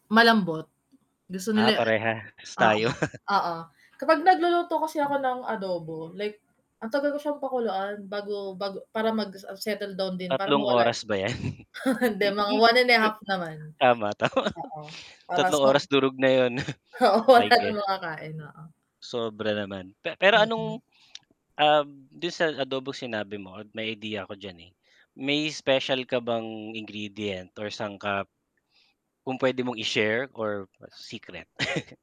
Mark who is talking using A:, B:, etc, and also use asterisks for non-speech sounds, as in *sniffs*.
A: Malambot, gusto
B: Ah,
A: nila
B: parehas tayo.
A: oo,
B: *chuckles*
A: oo. Kapag nagluluto kasi ako ng adobo, like, ang tagal ko siyang pakuluan bago bago para mag, ah, settle down din para
B: 3
A: mawala
B: oras ba 'yan?
A: *chuckles* hindi mga
B: *laughs*
A: 1 1/2 naman,
B: Tama, tama.
A: oo,
B: *chuckles*
A: oras
B: 3
A: sob
B: oras durog na 'yun, *sniffs*
A: Oo
B: I
A: wala ng
B: guess.
A: makakain, oo.
B: Sobra naman, pe pero
A: Mm.
B: anong, *smacks lips* uhm, dun sa adobo sinabi mo at may ideya ako d'yan, eh, may special ka bang ingredient or sangkap, kung p'wede mong i-share or secret? *chuckles*